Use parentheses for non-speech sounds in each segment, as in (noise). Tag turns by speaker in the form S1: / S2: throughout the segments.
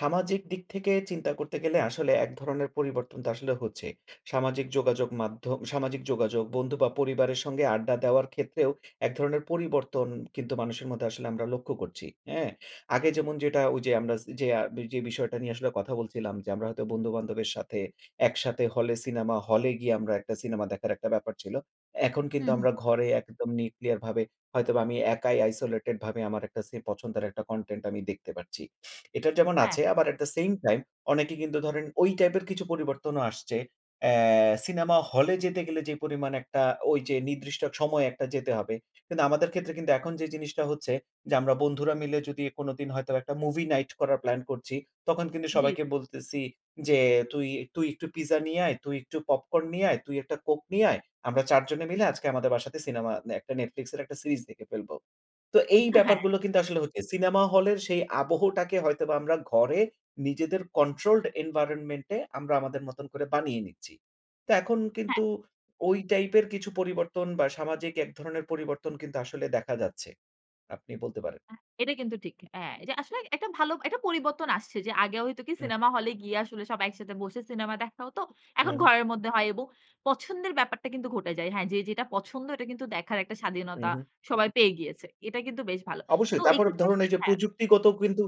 S1: সামাজিক দিক থেকে চিন্তা করতে গেলে আসলে এক ধরনের পরিবর্তন তো আসলে হচ্ছে। সামাজিক যোগাযোগ মাধ্যম সামাজিক যোগাযোগ, বন্ধু বা পরিবারের সঙ্গে আড্ডা দেওয়ার ক্ষেত্রেও এক ধরনের পরিবর্তন কিন্তু মানুষের মধ্যে আসলে আমরা লক্ষ্য করছি। হ্যাঁ? আগে
S2: ঠিক, ঠিক।
S1: যেমন যেটা ওইযে আমরা সে যে বিষয়টা নিয়ে আসলে কথা বলছিলাম যে আমরা হয়তো বন্ধু-বান্ধবের সাথে একসাথে হলে, সিনেমা হলে গিয়ে আমরা একটা সিনেমা দেখার একটা ব্যাপার ছিল। এখন
S2: হু,
S1: কিন্তু
S2: হু।
S1: আমরা ঘরে একদম neuclear ভাবে হয়তোবা আমি একাই isolated ভাবে আমার একটা সি পছন্দের একটা content আমি দেখতে পারছি। এটা যেমন
S2: হ্যাঁ,
S1: আছে
S2: হ্যাঁ।
S1: আবার at the same time অনেকে কিন্তু ধরেন ওই টাইপের কিছু পরিবর্তনও আসছে। অ্যা সিনেমা হলে যেতে গেলে যে পরিমাণ একটা ওইযে নির্দিষ্ট সময়ে একটা যেতে হবে। কিন্তু আমাদের ক্ষেত্রে কিন্তু এখন যে জিনিসটা হচ্ছে যে আমরা বন্ধুরা মিলে যদি কোনদিন হয়তোবা একটা movie night করার প্ল্যান করছি, তখন কিন্তু
S2: জি।
S1: সবাইকে বলতেছি যে, "তুই তুই একটু পিজ্জা নিয়ে আয়, তুই একটু পপকর্ন নিয়ে আয়, তুই একটা কোক নিয়ে আয়। আমরা ৪ জনে
S2: হু,
S1: মিলে
S2: হু।
S1: আজকে আমাদের বাসাতে সিনেমা দে একটা Netflix এর একটা সিরিজ দেখে ফেলবো।" তো এই
S2: উহা হ্যাঁ।
S1: ব্যাপারগুলো কিন্তু আসলে হচ্ছে। সিনেমা হলের সেই আবহটাকে হয়তোবা আমরা ঘরে নিজেদের controlled environmentt এ আমরা আমাদের মতন করে বানিয়ে নিচ্ছি। তো এখন
S2: হ্যাঁ।
S1: কিন্তু ওই টাইপের কিছু পরিবর্তন বা, সামাজিক এক ধরনের পরিবর্তন কিন্তু আসলে দেখা যাচ্ছে। আপনি বলতে পারেন।
S2: আ এটা কিন্তু ঠিক। হ্যাঁ, এটা আসলে একটা ভালো একটা পরিবর্তন আসছে। যে আগে হয়তো কি
S1: হু।
S2: সিনেমা হলে গিয়ে আসলে সব একসাথে বসে সিনেমা দেখা হতো।
S1: উ
S2: এখন
S1: হুম।
S2: ঘরের মধ্যে হয় এবং পছন্দের ব্যাপারটা কিন্তু ঘটে যায়। হ্যাঁ, যে যেটা পছন্দ এটা কিন্তু দেখার একটা
S1: হু,
S2: স্বাধীনতা
S1: হু।
S2: সবাই পেয়ে গিয়েছে। এটা কিন্তু বেশ ভালো। তো
S1: অবশ্যই। তারপর
S2: এইক্ষেত্রে
S1: ধরুন
S2: আসলে
S1: এইযে
S2: হ্যাঁ।
S1: প্রযুক্তিগত কিন্তু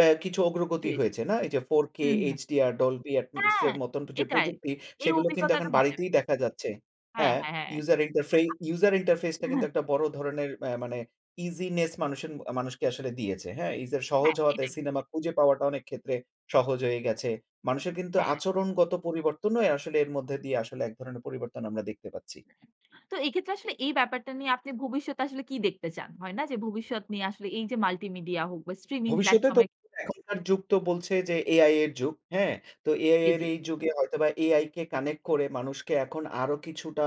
S1: এ কিছু
S2: জি,
S1: অগ্রগতি
S2: জি।
S1: হয়েছে, না? এইযে 4K,
S2: হু, হু।
S1: HDR, Dolbi
S2: হ্যাঁ,
S1: এপ্সের মত যে
S2: এটাই।
S1: প্রযুক্তি,
S2: এই
S1: সেগুলো কিন্তু
S2: অভিজ্ঞতাটা
S1: এখন
S2: মজার।
S1: বাড়িতেই দেখা যাচ্ছে।
S2: হ্যাঁ,
S1: হ্যাঁ,
S2: হ্যাঁ, হ্যাঁ।
S1: ইউজার ইন্টারফে
S2: (unintelligible) আ
S1: user interface টা
S2: হা
S1: কিন্তু একটা বড় ধরনের আ মানে easyness মানুষ এন মানুষকে আসলে দিয়েছে। হ্যাঁ, user সহজ
S2: হ্যাঁ,
S1: হওয়াতে
S2: এটাই, এটাই।
S1: সিনেমা খুঁজে পাওয়াটা অনেকক্ষেত্রে সহজ হয়ে গেছে। মানুষের কিন্তু
S2: হ্যাঁ।
S1: আচরণগত পরিবর্তনও আসলে এর মধ্যে দিয়ে আসলে এক ধরনের পরিবর্তন আমরা দেখতে পাচ্ছি।
S2: তো এক্ষেত্রে আসলে এই ব্যাপারটা নিয়ে আপনি ভবিষ্যতে আসলে কি দেখতে চান? হয় না? যে ভবিষ্যৎ নিয়ে আসলে এইযে multimedia হোক বা, streaming
S1: ভবিষ্যতে
S2: platform
S1: তো
S2: এ
S1: এখনকার যুগ তো বলছে যে AI এর যুগ। হ্যাঁ? তো AI
S2: জি,
S1: এর
S2: জি।
S1: এই যুগে হয়তোবা AI কে connect করে মানুষকে এখন আরো কিছুটা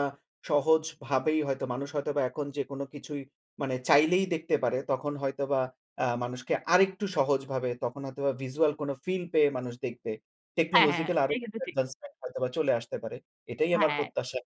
S1: সহজভাবেই হয়তো মানুষ হয়তোবা এখন যেকোনো কিছুই মানে চাইলেই দেখতে পারে। তখন হয়তোবা আ মানুষকে আরেকটু সহজভাবে তখন হয়তোবা visual কোন ফিল পেয়ে মানুষ দেখবে।
S2: হ্যাঁ, হ্যাঁ, হ্যাঁ,
S1: Technological আরো
S2: এটা কিন্তু ঠিক।
S1: advancement হয়তোবা চলে আসতে পারে। এটাই আমার
S2: হ্যাঁ।
S1: প্রত্যাশা।